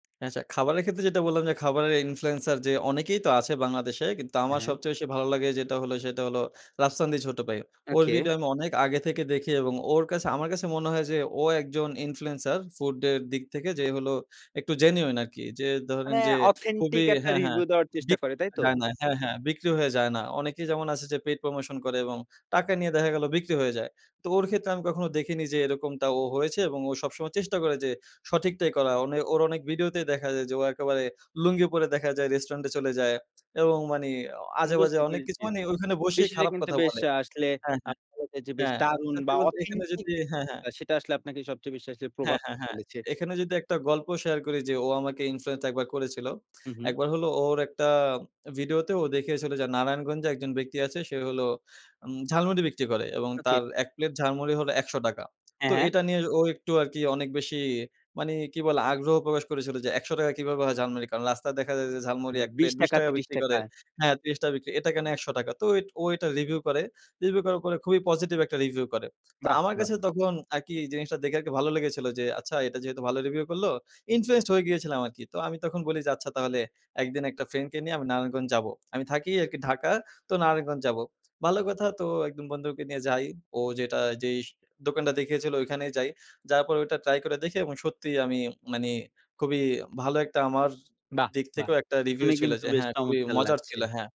আচ্ছা, খাবারের ক্ষেত্রে যেটা বললাম যে, খাবারের ইনফ্লুয়েন্সার যে অনেকেই তো আছে বাংলাদেশে। কিন্তু হ্যাঁ, আমার হ্যাঁ। সবচেয়ে বেশি ভালো লাগে যেটা হলো, সেটা হলো রাফসান দি ছোট ভাই। ওর ওকে। ভিডিও আমি অনেক আগে থেকে দেখি এবং ওর কাছে আমার কাছে মনে হয় যে ও একজন ইনফ্লুয়েন্সার ফুডের দিক থেকে। যে হলো একটু জেনুইন আরকি। যে ধরেন মানে, যে খুবই অথেন্টিক একটা হ্যাঁ, হ্যাঁ রিভিউ দেওয়ার চেষ্টা বিক করে, হয়ে তাইতো? যায় না হ্যাঁ, হ্যাঁ। বিক্রি হয়ে যায় না। অনেকেই যেমন আছে যে, পেইড প্রমোশন করে এবং টাকা নিয়ে দেখা গেলো বিক্রি হয়ে যায়। তো ওর ক্ষেত্রে আমি কখনো দেখিনি যে এরকমটা ও হয়েছে এবং ও সবসময় চেষ্টা করে যে সঠিকটাই করা। ওনে ওর অনেক ভিডিওতেই দেখা যায় যে ও একেবারে লুঙ্গি পরে দেখা যায় রেস্টুরেন্টে চলে যায় এবং মানে অ আজেবাজে বুঝতে অনেক কিছু পেরেছি। মানে ওখানে বসেই বিষয়টা খারাপ কিন্তু কথা বেশ বলে। আসলে হ্যাঁ, আ হ্যাঁ, [unintelligible] বেশ হ্যাঁ। দারুণ সত্যি বা, বলতে এখানে অথেন্টিক যদি যে হ্যাঁ, হ্যাঁ। বিষয়টা সেটা আসলে আপনাকে সবচেয়ে বেশি আসলে প্রভাব হ্যাঁ, হ্যাঁ, হ্যাঁ। ফেলেছে। এখানে যদি একটা গল্প শেয়ার করি। যে ও আমাকে ইনফ্লুয়েন্স ১ বার করেছিল। হু, ১ হু। বার হলো ওর একটা ভিডিওতে ও দেখিয়েছিল যে নারায়ণগঞ্জে একজন ব্যক্তি আছে, সে হল উম ঝালমুড়ি বিক্রি করে এবং ওকে। তার এক প্লেট ঝালমুড়ি হলো ৳১০০। হ্যাঁ, তো হ্যাঁ। এটা নিয়ে ও একটু আরকি অনেক বেশি মানে কি বলে, আগ্রহ প্রকাশ করেছিল যে, "৳১০০ কিভাবে হয় ঝালমুড়ি?" কারণ, রাস্তায় দেখা যায় যে ঝালমুড়ি হুম, এক বিশ প্লেট বিশ টাকা, টাকা ত্রিশ বিক্রি টাকা। করে। হ্যাঁ? ৳৩০ বিক্রি। এটা কেন ৳১০০? তো ইট ও এটা রিভিউ করে। রিভিউ করার পরে খুবই পজিটিভ একটা রিভিউ করে। তো বাহ! আমার বাহ! কাছে তখন আরকি জিনিসটা দেখে আরকি ভালো লেগেছিল যে, আচ্ছা, এটা যেহেতু ভালো রিভিউ করলো, ইনফ্লুয়েন্সড হয়ে গিয়েছিলাম আরকি। তো আমি তখন বলি যে, আচ্ছা, তাহলে একদিন একটা ফ্রেন্ডকে নিয়ে আমি নারায়ণগঞ্জ যাব। আমি থাকি আরকি ঢাকা, তো নারায়ণগঞ্জ যাবো। ভালো কথা। তো একজন বন্ধুকে নিয়ে যাই। ও যেটা যেই স দোকানটা দেখিয়েছিল ওখানেই যাই। যাওয়ার পরে ওটা ট্রাই করে দেখি এবং সত্যিই আমি মানে খুবই ভালো একটা আমার বাহ! দিক বাহ! থেকেও একটা রিভিউ শুনে ছিল কিন্তু যে, বেশ হ্যাঁ, খুবই চমৎকার মজার লাগছে। ছিল। হ্যাঁ।